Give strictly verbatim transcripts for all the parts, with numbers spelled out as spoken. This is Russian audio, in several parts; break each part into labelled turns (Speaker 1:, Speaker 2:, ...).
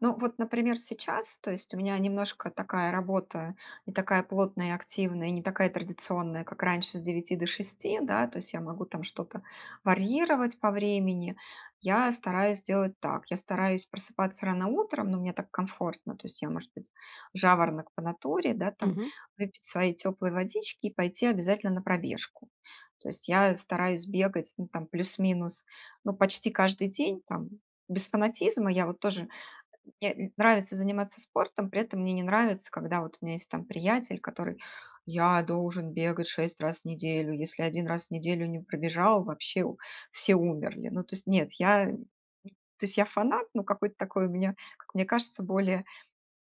Speaker 1: Ну, вот, например, сейчас, то есть у меня немножко такая работа не такая плотная и активная, и не такая традиционная, как раньше с девяти до шести, да, то есть я могу там что-то варьировать по времени. Я стараюсь делать так: я стараюсь просыпаться рано утром, но мне так комфортно, то есть я, может быть, жаворонок по натуре, да, там
Speaker 2: Мгм.
Speaker 1: выпить своей тёплой водички и пойти обязательно на пробежку. То есть я стараюсь бегать, ну, там, плюс-минус, ну, почти каждый день, там, без фанатизма. Я вот тоже э, мне нравится заниматься спортом, при этом мне не нравится, когда вот у меня есть, там, приятель, который: "Я должен бегать шесть раз в неделю. Если один раз в неделю не пробежал, вообще у все умерли". Ну, то есть, нет, я то есть, я фанат, но какой-то такой у меня, как мне кажется, более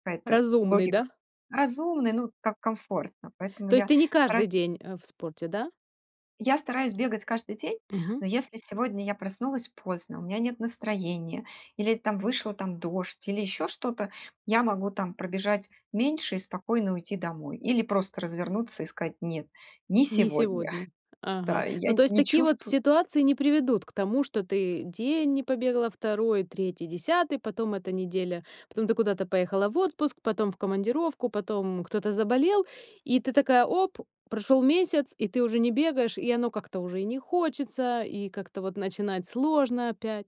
Speaker 1: какая-то
Speaker 2: Разумный,
Speaker 1: логика
Speaker 2: да?
Speaker 1: Разумный, ну, как комфортно, поэтому
Speaker 2: То есть
Speaker 1: я
Speaker 2: ты не каждый
Speaker 1: стараюсь
Speaker 2: день, а, в спорте, да?
Speaker 1: я стараюсь бегать каждый день.
Speaker 2: Мгм.
Speaker 1: Но если сегодня я проснулась поздно, у меня нет настроения или, там, вышла, там, дождь или ещё что-то, я могу, там, пробежать меньше и спокойно уйти домой. Или просто развернуться и сказать: "Нет, не
Speaker 2: Не
Speaker 1: сегодня".
Speaker 2: сегодня. Ага.
Speaker 1: Да, я
Speaker 2: Ну, то есть
Speaker 1: не
Speaker 2: такие вот
Speaker 1: чувствую
Speaker 2: ситуации не приведут к тому, что ты день не побегала, второй третий десятый, потом эта неделя, потом ты куда-то поехала в отпуск, потом в командировку, потом кто-то заболел, и ты такая, оп, прошёл месяц, и ты уже не бегаешь, и оно как-то уже и не хочется, и как-то вот начинать сложно опять.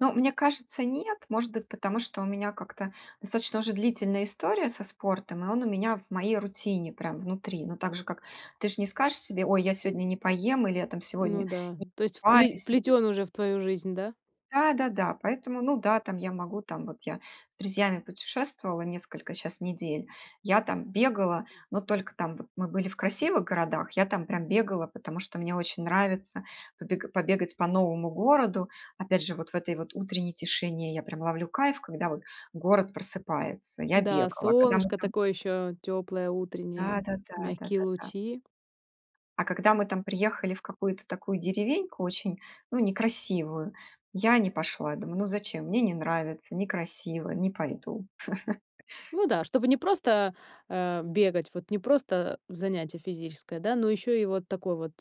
Speaker 1: Ну, мне кажется, нет. Может быть, потому что у меня как-то достаточно уже длительная история со спортом, и он у меня в моей рутине прям внутри, но так же, как ты же не скажешь себе: "Ой, я сегодня не поем" или "Я там
Speaker 2: Ну
Speaker 1: сегодня
Speaker 2: да,
Speaker 1: не
Speaker 2: то есть впле
Speaker 1: покупаюсь", или
Speaker 2: вплетён уже в твою жизнь, да?
Speaker 1: Да да-да, поэтому, ну да, там, я могу, там, вот я с друзьями путешествовала несколько, щас, недель. Я там бегала, но только там, вот, мы были в красивых городах, я там прям бегала, потому что мне очень нравится побег побегать по новому городу. Опять же, вот в этой вот утренней тишине я прям ловлю кайф, когда вот город просыпается. Я
Speaker 2: Да,
Speaker 1: бегала, когда мы
Speaker 2: солнышко
Speaker 1: там
Speaker 2: такое ещё тёплое,
Speaker 1: Да,
Speaker 2: утреннее,
Speaker 1: да, да, да,
Speaker 2: мягкие
Speaker 1: да, да.
Speaker 2: лучи.
Speaker 1: А когда мы там приехали в какую-то такую деревеньку очень, ну, некрасивую, я не пошла. Думаю: "Ну, зачем? Мне не нравится. Некрасиво. Не пойду".
Speaker 2: Ну да, чтобы не просто, а, бегать, вот не просто занятие физическое, да, но ещё и вот такой вот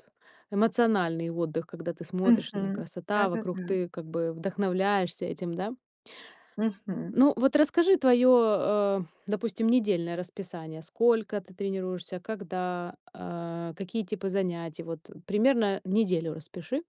Speaker 2: эмоциональный отдых, когда ты смотришь на
Speaker 1: Мгм.
Speaker 2: красота вокруг,
Speaker 1: Да-да-да.
Speaker 2: ты как бы вдохновляешься этим, да.
Speaker 1: Мгм.
Speaker 2: Ну, вот расскажи твоё, а, допустим, недельное расписание. Сколько ты тренируешься, когда, а, какие типы занятий? Вот примерно неделю распиши.